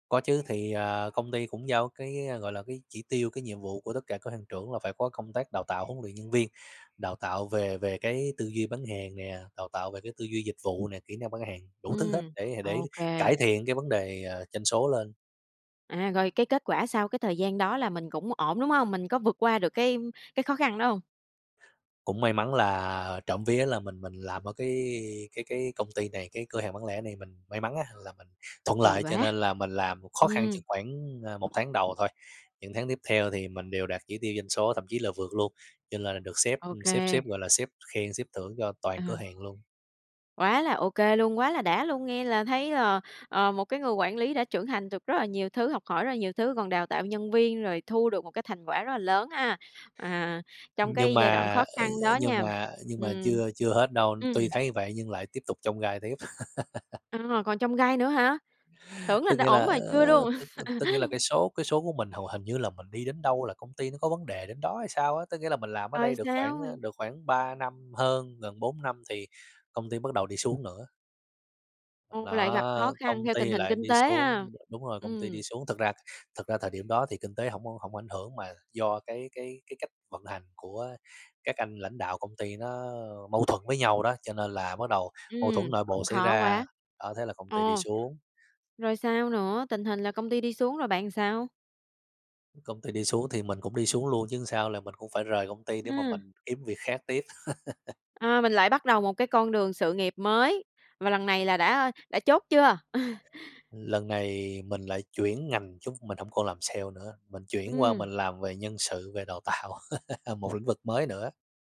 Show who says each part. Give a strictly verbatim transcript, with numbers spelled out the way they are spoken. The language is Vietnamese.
Speaker 1: Có chứ, thì, à, công ty cũng giao cái, ơ, gọi là, cái chỉ tiêu, cái nhiệm vụ của tất cả cửa hàng trưởng là phải có công tác đào tạo huấn luyện nhân viên, đào tạo về về cái tư duy bán hàng nè, đào tạo về cái tư duy dịch vụ nè, kỹ năng bán hàng, đủ thứ hết
Speaker 2: Ừm,
Speaker 1: để, à, để
Speaker 2: ô kê.
Speaker 1: cải thiện cái vấn đề, ờ, doanh số lên.
Speaker 2: À, rồi, cái kết quả sao? Cái thời gian đó là mình cũng ổn, đúng hông? Mình có vượt qua được cái, ưm, cái khó khăn đó hông?
Speaker 1: Cũng may mắn là trộm vía là mình mình làm ở cái cái cái công ty này, cái cửa hàng bán lẻ này mình may mắn á là mình thuận
Speaker 2: May
Speaker 1: lợi, cho
Speaker 2: quá.
Speaker 1: nên là mình làm khó khăn
Speaker 2: Ừm.
Speaker 1: chừng khoảng, ờ, một tháng đầu thôi. Những tháng tiếp theo thì mình đều đạt chỉ tiêu doanh số, thậm chí là vượt luôn, cho nên là được sếp,
Speaker 2: Ô
Speaker 1: ừm, sếp
Speaker 2: kê.
Speaker 1: sếp, gọi là, sếp khen, sếp thưởng cho toàn cửa
Speaker 2: Ờ.
Speaker 1: hàng luôn.
Speaker 2: Quá là ô kê luôn, quá là đã luôn. Nghe là thấy, ờ, ờ, một cái người quản lý đã trưởng thành được rất là nhiều thứ, học hỏi rất là nhiều thứ, còn đào tạo nhân viên, rồi thu được một cái thành quả rất là lớn ha, à, trong
Speaker 1: Nhưng
Speaker 2: cái giai đoạn
Speaker 1: mà,
Speaker 2: khó
Speaker 1: ơi,
Speaker 2: khăn
Speaker 1: ơi,
Speaker 2: đó
Speaker 1: nhưng
Speaker 2: nha.
Speaker 1: mà nhưng mà
Speaker 2: Ừm.
Speaker 1: chưa chưa hết đâu,
Speaker 2: Ừm.
Speaker 1: tuy thấy như vậy nhưng lại tiếp tục chông gai tiếp.
Speaker 2: À, còn chông gai nữa hả? Tưởng là
Speaker 1: Tức
Speaker 2: đã
Speaker 1: nghĩa
Speaker 2: ổn,
Speaker 1: là,
Speaker 2: mà chưa
Speaker 1: ờ,
Speaker 2: luôn.
Speaker 1: tức tức nghĩa là cái số cái số của mình hầu hình như là mình đi đến đâu là công ty nó có vấn đề đến đó hay sao á? Tức nghĩa là mình làm ở
Speaker 2: Rồi
Speaker 1: đây được khoảng,
Speaker 2: sao?
Speaker 1: ờ, được khoảng ba năm hơn, gần bốn năm thì công ty bắt đầu đi xuống nữa.
Speaker 2: Ồ, lại gặp khó
Speaker 1: Đó, công
Speaker 2: khăn theo tình
Speaker 1: ty
Speaker 2: hình
Speaker 1: lại
Speaker 2: kinh
Speaker 1: đi
Speaker 2: tế ha.
Speaker 1: xuống, đ đúng rồi, công ty đi
Speaker 2: Ừm.
Speaker 1: xuống. Thực ra, thực ra thời điểm đó thì kinh tế hổng hổng ảnh hưởng, mà do cái cái cái cách vận hành của các anh lãnh đạo công ty nó, ơ, mâu thuẫn với nhau đó, cho nên là bắt đầu mâu thuẫn
Speaker 2: Ừm,
Speaker 1: nội bộ
Speaker 2: cũng
Speaker 1: xảy
Speaker 2: khó
Speaker 1: ra,
Speaker 2: quá.
Speaker 1: đó thế là công ty đi
Speaker 2: Ồ.
Speaker 1: xuống.
Speaker 2: Rồi sao nữa? Tình hình là công ty đi xuống rồi bạn sao?
Speaker 1: Công ty đi xuống thì mình cũng đi xuống luôn chứ sao, là mình cũng phải rời công ty để mà
Speaker 2: À.
Speaker 1: mình kiếm việc khác tiếp.
Speaker 2: À, mình lại bắt đầu một cái con đường sự nghiệp mới và lần này là đã, ơ, đã chốt chưa?
Speaker 1: Lần này mình lại chuyển ngành chứ mình hổng còn làm sale nữa, mình chuyển qua
Speaker 2: Ừm.
Speaker 1: mình làm về nhân sự, về đào tạo, một lĩnh vực mới nữa.